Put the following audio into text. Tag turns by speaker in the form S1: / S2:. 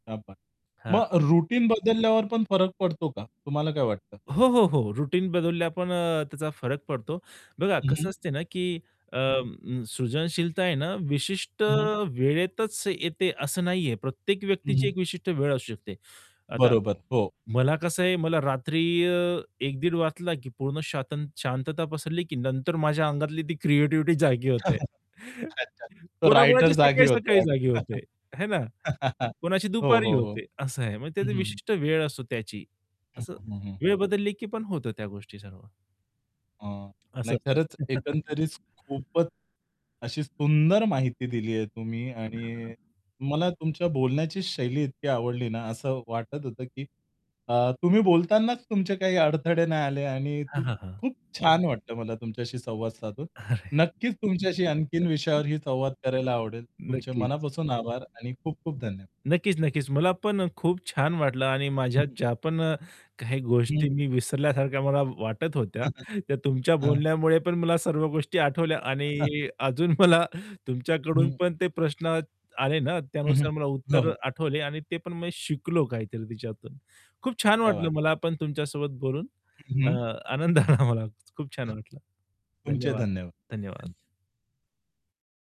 S1: क्या बात!
S2: हां.
S1: मग रुटीन बदलल्यावर पण फरक पडतो का? तुम्हाला काय वाटतं?
S2: हो, हो, हो. रुटीन बदलल्या पण अ, त्याचा फरक पडतो. बघा
S1: हं,
S2: कसं
S1: हं.
S2: असते ना की अ,
S1: हं, हं.
S2: सृजनशीलता आहे ना विशिष्ट
S1: हं, हं.
S2: वेळेतच येते असं नाही आहे, प्रत्येक
S1: हं,
S2: व्यक्तीची
S1: हं.
S2: एक विशिष्ट वेळ असू शकते. आता
S1: बरोबर, हो.
S2: मला कसं आहे मला रात्री अ, 1:00-1:30 वाजला, की पूर्ण स्वत शांतता पसरली, की नंतर माझ्या अंगातली ती क्रिएटिव्हिटी जागी होते.
S1: अच्छा तो रायटर
S2: कोणा-कोणाची
S1: जागी होतो
S2: सकाळी-सकाळी जागी
S1: वाटतं.
S2: होते, आहे ना? कोणाची
S1: हो,
S2: दुपारी
S1: हो, हो.
S2: होते असं आहे. म्हणजे
S1: हं,
S2: त्याची
S1: हं, हं.
S2: विशिष्ट वेळ असतो त्याची
S1: हं,
S2: असं
S1: हं, हं, हं,
S2: वेळ
S1: हं.
S2: बदलली, की पण होतो त्या गोष्टी सर्व.
S1: अ,
S2: असं
S1: नाही
S2: असतं.
S1: खरंच एकंदरीत खूपच अशी सुंदर माहिती दिली आहे तुम्ही आणि मला तुमच्या बोलण्याची शैली इतकी आवडली ना, असं वाटत होतं, की अ, तुम्ही बोलतानाच तुमचे काही अडथळे नाही आले आणि
S2: हां,
S1: खूप
S2: हां, हां.
S1: खूप छान वाटलं मला तुमच्याशी संवाद साधून.
S2: अरे.
S1: नक्कीच तुमच्याशी आणखीन विषयावरही संवाद करायला आवडेल. तुमचे
S2: नक्कीच.
S1: मनापासून आभार आणि खूप खूप धन्य
S2: नक्कीच-क्कीच. मला पण खूप छान वाटलं आणि
S1: हं,
S2: माझ्या
S1: हं.
S2: ज्या पण अ, काही
S1: हं.
S2: गोष्टी मी विसरल्यासारख्या मला वाटत होत्या त्या तुमच्या
S1: हां.
S2: बोलण्यामुळे पण मला सर्व गोष्टी आठवल्या आणि अजून मला तुमच्याकडून
S1: हं.
S2: पण ते प्रश्न आले ना
S1: हं, हं,
S2: त्यानुसार मला
S1: हो,
S2: उत्तर
S1: हो.
S2: आठवले आणि ते पण मी शिकलो काहीतरी तिच्यातून. खूप छान
S1: क्या बात
S2: वाटलं
S1: है.
S2: मला पण तुमच्यासोबत बोलून अ,
S1: हं.
S2: आनंद आला मला खूप छान वाटलं.
S1: तुमचेही
S2: धन्यवाद,
S1: धन्यवाद. धन्य
S2: धन्यवाद.